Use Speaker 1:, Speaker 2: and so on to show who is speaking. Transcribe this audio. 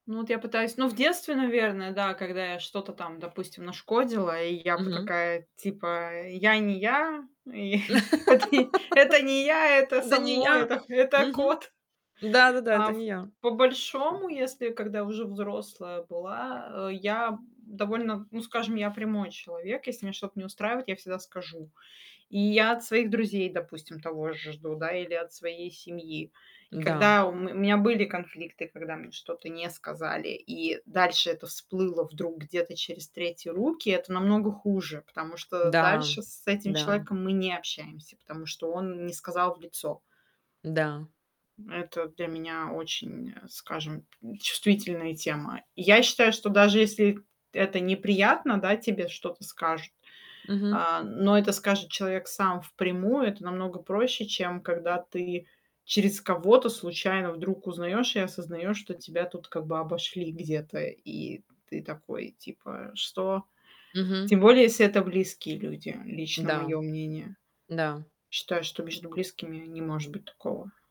Speaker 1: Ну вот я пытаюсь Ну в детстве, наверное, да, когда я что-то там, допустим, нашкодила и я бы
Speaker 2: Мгм.
Speaker 1: такая, типа, э: "Я не я, и вот и это не я, это
Speaker 2: "Да не
Speaker 1: само,
Speaker 2: я."
Speaker 1: это х это
Speaker 2: Мгм.
Speaker 1: кот."
Speaker 2: "Да-да-да,
Speaker 1: А
Speaker 2: это
Speaker 1: ф
Speaker 2: не я."
Speaker 1: по-большому, если когда я уже взрослая была, э, я б довольно, ну скажем, я прямой человек. Если меня что-то не устраивает, я всегда скажу. И я от своих друзей, допустим, того же жду, да, или от своей семьи. И
Speaker 2: Да.
Speaker 1: когда у ме меня были конфликты, когда мне что-то не сказали, и дальше это всплыло вдруг где-то через третьи руки, это намного хуже, потому что
Speaker 2: Да
Speaker 1: дальше с этим
Speaker 2: да.
Speaker 1: человеком мы не общаемся, потому что он не сказал в лицо.
Speaker 2: Да.
Speaker 1: Это для меня очень, э, скажем, м, чувствительная тема. Я считаю, что даже если это неприятно, да, тебе что-то скажут,
Speaker 2: Мгм.
Speaker 1: а, но это скажет человек сам впрямую, это намного проще, чем когда ты через кого-то, случайно, вдруг узнаёшь и осознаешь, что тебя, тут как бы обошли где-то, и ты такой, типа: "Что?"
Speaker 2: Мгм.
Speaker 1: Тем более, если это близкие люди. Лично
Speaker 2: Да.
Speaker 1: моё мнение.
Speaker 2: Да.
Speaker 1: Считаю, что между близкими не может быть такого.